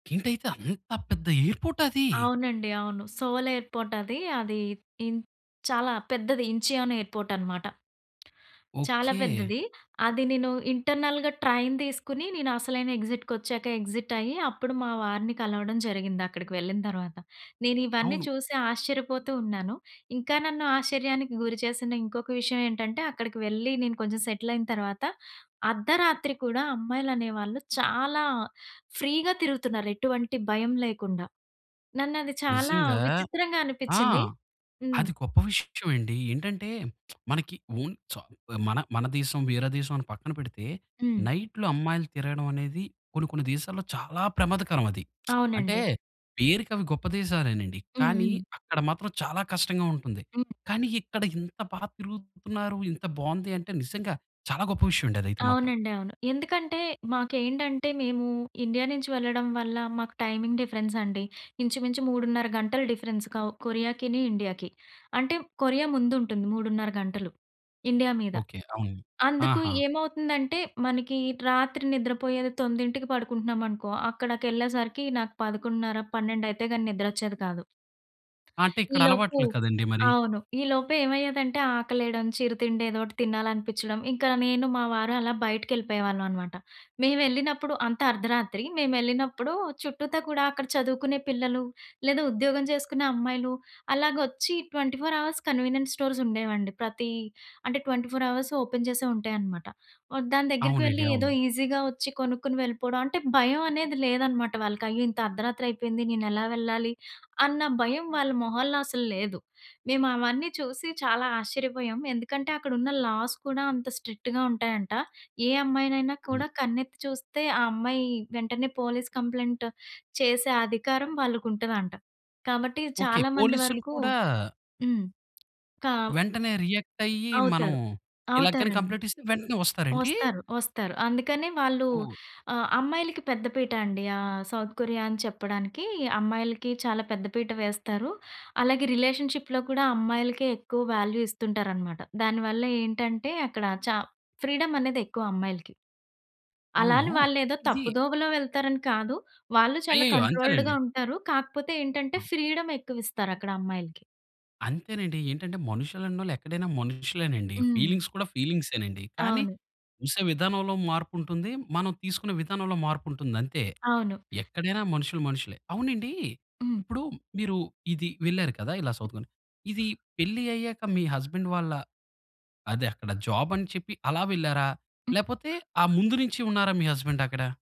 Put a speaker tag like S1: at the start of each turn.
S1: ఏంటైతే అంత పెద్ద ఎయిర్‌పోర్టదీ?
S2: అవునండి. అవును. సోల్ ఎయిర్‌పోర్ట్ అది. అది ఈన్ చాలా పెద్దది. ఇంచియానో ఎయిర్‌పోర్ట్ అనమాట. చాలా
S1: ఓకే.
S2: పెద్దది. అది నేను ఇంటర్నల్‌గా ట్రైన్ తీసుకొని నేను అసలైన ఎక్సిట్‌‌ కొచ్చాకే ఎక్సిట్ అయ్యి, అప్పుడు మా వారిని కలవడం జరిగింది అక్కడికి వెళ్ళిన తర్వాత. నేను ఇవన్నీ
S1: అవును.
S2: చూసి ఆశ్చర్యపోతూ ఉన్నాను. ఇంకా నన్ను ఆశ్చర్యానికి గురి చేసిన ఇంకొక విషయం ఏంటంటే, అక్కడికి వెళ్లి నేను కొంచెం సెటిల్ అయిన తరువాత, అర్ధరాత్రి కూడా అమ్మాయిలు అనేవాళ్ళు చాలా ఫ్రీగా తిరుగుతున్నారు. ఎటువంటి భయం లేకుండా. నన్నది చాలా
S1: నిజంగా.
S2: విచిత్రంగా
S1: ఆ!
S2: అనిపించ్చింది. హ్మ్.
S1: అది గొప్ప విషయం అండి. ఏంటంటే, మనకి ఓన్ స మన, మన దేశం, వేరే దేశం పక్కన పెడితే.
S2: హ్మ్.
S1: నైట్‌లో అమ్మాయిలు తిరగడమనేది కొన్ని, కొన్ని దేశాల్లో చాలా ప్రమాదకరమది. అంటే,
S2: అవునండి.
S1: పేరికి అవి గొప్ప దేశాలేనండి.
S2: హ్మ్.
S1: కానీ,
S2: హ్మ్.
S1: అక్కడ మాత్రం చాలా కష్టంగా ఉంటుంది.
S2: హ్మ్.
S1: కానీ, ఇక్కడ ఇంత బాగా తిరుగుతున్నారు, ఇంత బావుంది అంటే, నిజంగా చాలా గొప్ప విషయమండి అదైతే మాత్రం.
S2: అవునండి. అవును. ఎందుకంటే, మాకేంటంటే మేము ఇండియా నుంచి వెళ్ళడం వల్ల, మాకు టైమింగ్ డిఫరెన్స్ అండి. ఇంచుమించు 3 ½ గంటలు డిఫరెన్స్. కావు కొరియాకిని ఇండియాకి. అంటే కొరియా ముందుంటుంది. 3 ½ గంటలు ఇండియా మీద.
S1: ఓకే. అవును.
S2: అందుకు
S1: ఆహా!
S2: ఏమవుతుందంటే, మనకి రాత్రి నిద్రపోయేది 9కి పడుకుంటున్నాం అనుకో, అక్కడికెళ్ళేసరికి నాకు 11 ½, 12 అయితే గాని నిద్రొచ్చేది కాదు.
S1: అంటే, ఇక్కడ
S2: ఈలోపు
S1: అలవాట్లు కదండీ మరి.
S2: అవును. ఈలోపు ఏమయ్యేదంటే, ఆకలేయడం చిరుతిండేదోటి తినాలనిపించడం. ఇంకా నేను మా వారు అలా బయటికెళ్ళిపోయేవాళ్ళన్నమాట. మేమెళ్ళినప్పుడు అంతా అర్ధరాత్రి. మేమెళ్ళినప్పుడు చుట్టూతా కూడా అక్కడ చదువుకునే పిల్లలు, లేదా ఉద్యోగం చేసుకునే అమ్మాయిలు అలాగొచ్చి 24 అవర్స్ కన్వీనియన్స్ స్టోర్స్ ఉండేవండి. ప్రతి అంటే, 24 అవర్సు ఓపెన్ చేసే ఉంటాయి అన్నమాట. దాని దగ్గరికి
S1: అవునండి.
S2: వెళ్లి ఏదో
S1: అవును.
S2: ఈసీగా వచ్చి కొనుక్కొని వెళ్ళిపోవడం. అంటే భయం అనేది లేదన్నమాట వాళ్ళకి. అయ్యో! ఇంత అర్ధరాత్రి అయిపోయింది నేను ఎలా వెళ్ళాలి, అన్న భయం వాళ్ళ మొహాల్లో అసల్లేదు. మేము అవన్నీ చూసి చాలా ఆశ్చర్యపోయాము. ఎందుకంటే, అక్కడ ఉన్న లాస్ కూడా అంత స్ట్రిక్ట్‌గా ఉంటాయంట. ఏ అమ్మాయినైనా
S1: హ్మ్.
S2: కూడా కన్నెత్తి చూస్తే, ఆ అమ్మాయి వెంటనే పోలీస్ కంప్లెయింట్ చేసే అధికారం వాళ్ళకుంటదంట. కాబట్టి,
S1: ఓకే.
S2: చాలా మంది
S1: పోలీసులు
S2: వరకు
S1: కూడా
S2: హ్మ్. కావ్
S1: వెంటనే రియాక్ట్ అయ్యి, మనం
S2: అవుతారు.
S1: ఇలా కాని
S2: అవుతారండి.
S1: కంప్లీట్ ఇస్తే వెంటనే వస్తారండీ?
S2: ఒస్తారు. ఒస్తారు. అందుకనే వాళ్ళు
S1: ఓహ్!
S2: ఆహ్, అమ్మాయిలకి పెద్ద పీట అండి. ఆహ్, సౌత్ కొరియా అని చెప్పడానికి, అమ్మాయిలకి చాలా పెద్ద పీట వేస్తారు. అలాగే రిలేషన్‌షిప్‌లో కూడా అమ్మాయిలకే ఎక్కువ వాల్యూ ఇస్తుంటారన్నమాట. దాని వల్ల ఏంటంటే, అక్కడ చా ఫ్రీడమనేది ఎక్కువ అమ్మాయిలకి. అలా
S1: అవును.
S2: అని వాళ్ళేదో
S1: ఇది
S2: తప్పుదోవలో వెళ్తారని కాదు. వాళ్ళు చాలా
S1: అయ్యయ్యో!
S2: కంట్రోల్డ్‌గా
S1: అంతేలెండి.
S2: ఉంటారు. కాకపోతే ఏంటంటే,
S1: ఆ!
S2: ఫ్రీడమ్ ఎక్కువిస్తారు అక్కడ అమ్మాయిలకి.
S1: అంతేనండి. ఏంటంటే మనుషులన్నోళ్ళు ఎక్కడైనా మనుషులేనండి.
S2: హ్మ్.
S1: ఫీలింగ్స్ కూడా ఫీలింగ్సేనండి. కానీ,
S2: అవును.
S1: చూసే విధానంలో మార్పుంటుంది, మనం తీసుకున్న విధానంలో మార్పుంటుంది అంతే.
S2: అవును.
S1: ఎక్కడైనా మనుషులు మనుషులే. అవునండీ
S2: హ్మ్.
S1: ఇప్పుడు మీరు ఇది వెళ్లారు కదా! ఇలా
S2: హ్మ్.
S1: సౌత్‌కొరియా. ఇది పెళ్లి అయ్యాక మీ హస్బండ్ వాళ్ళ, అదే అక్కడ జాబ్ అని చెప్పి అలా వెళ్లారా?
S2: హ్మ్.
S1: లేపోతే, ఆ ముందు నుంచి ఉన్నారా మీ హస్బండ్ అక్కడ?